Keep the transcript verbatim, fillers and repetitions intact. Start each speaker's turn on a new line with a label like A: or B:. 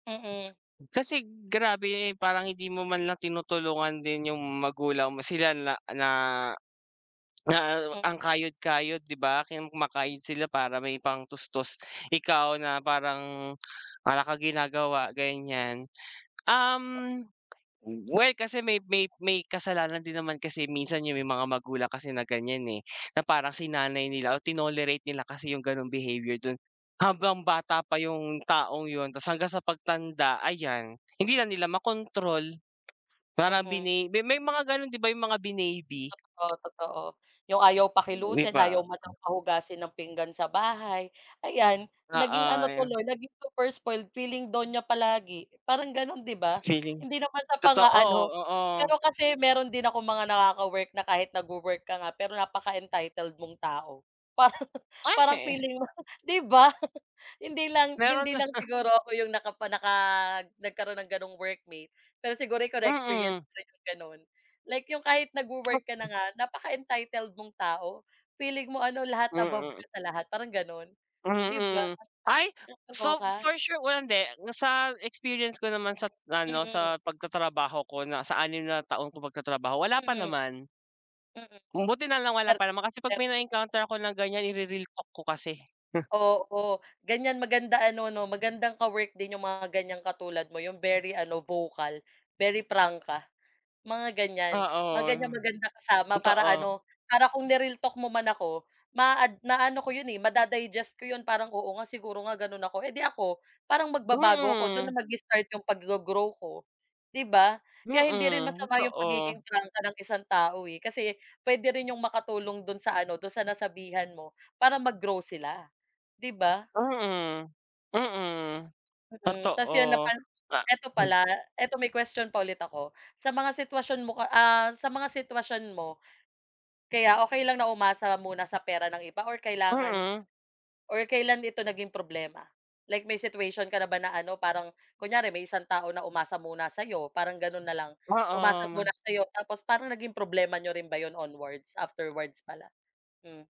A: Mm.
B: Kasi grabe, eh, parang hindi mo man lang tinutulungan din yung magulang mo, sila la na na
A: M
B: ang kayod-kayod 'di ba, kumakayod sila para may pang tustos. Ikaw na parang, wala kang ginagawa ganyan,
A: Wa
B: um, well kasi may may may kasalanan din naman kasi minsan yung may mga magulang kasi na ganyan, eh. Na parang sinanay nila o tinolerate nila kasi yung ganong behavior do'n habang bata pa yung taong yun tapos hanggang sa pagtanda, ayan hindi na nila makontrol parang
A: Mm.
B: bini may may mga gano'n 'di ba yung mga binaby?
A: Totoo, totoo yung ayaw
B: 'Di
A: pakilusin
B: ba?
A: ayaw man lang pahugasin ng pinggan sa bahay. Ayan, naging
B: Oo
A: ano
B: yu
A: tuloy naging super spoiled feeling donya palagi, parang gano'n 'di ba?
B: Feeling
A: Hindi naman sa
B: totoo,
A: pang-aano.
B: oo.
A: Pero kasi mayro'n din akong mga nakaka-work na kahit nag-wo-work ka nga pero napaka entitled mong tao parang
B: Ah,
A: parang
B: he.
A: feeling mo 'di ba? Hindi lang,
B: Mayro'n
A: hindi
B: nga
A: lang
B: siya.
A: siguro ako yung nakapa naka nagkaroon ng ganong workmate. Pero siguro ikaw na-experience
B: Mm.
A: mo rin yung gano'n like yung kahit nag-wo-work ka na nga napaka-entitled mong tao feeling mo ano lahat above
B: Mm.
A: ka sa lahat parang gano'n 'di ba?
B: Mm, ay so
A: Nakakaloka.
B: for sure well, hindi sa experience ko naman sa't ano
A: Mm.
B: sa pagtatrabaho ko na sa anim na taon kong pagtatrabaho wala pa
A: Mm.
B: naman.
A: Mm,.
B: Buti na lang wala pa naman kasi pag
A: [unintelligible]
B: may na-encounter ako na ganyan i-re-realtalk ko kasi, hmm.
A: Oo, ganyan maganda ano 'no magandang ka-work din 'yong mga ganyang katulad mo 'yong very ano vocal very prangka, mga ganyan. Mga
B: Oo,
A: ganyang maganda kasama para
B: totoo.
A: ano, para kung ni-realtalk mo man ako maa-ad maaano ko 'yon, eh, mada-digest ko 'yon. Parang, "oo nga siguro nga gano'n ako" eh, 'di ako parang magbabago ako, do'n
B: Mm.
A: na mag-i-start 'yong pag-go-grow ko, 'di ba? Kaya hindi rin
B: Mm,
A: masama 'yong
B: totoo.
A: pagiging prangka ng isang tao, eh, kasi puwede rin 'yong makatulong do'n sa ano do'n sa nasabihan mo para mag-grow sila 'di ba?
B: Mm, mm,
A: Mm, ta's yun na
B: totoo
A: pan
B: na
A: ito pala, ito may question pa ulit ako sa mga sitwasyon mo ka ah, sa mga sitwasyon mo, kaya okey lang na umasa muna sa pera ng iba or kailangan
B: Mm.
A: or kailan ito naging problema? Like may situation ka na ba na ano parang kunyari may isang tao na umasa muna sa'yo parang gano'n na lang, umasa
B: Oo,
A: muna
B: mas
A: sa'yo tapos parang naging problema n'yo rin ba 'yon onwards? Afterwards pala. M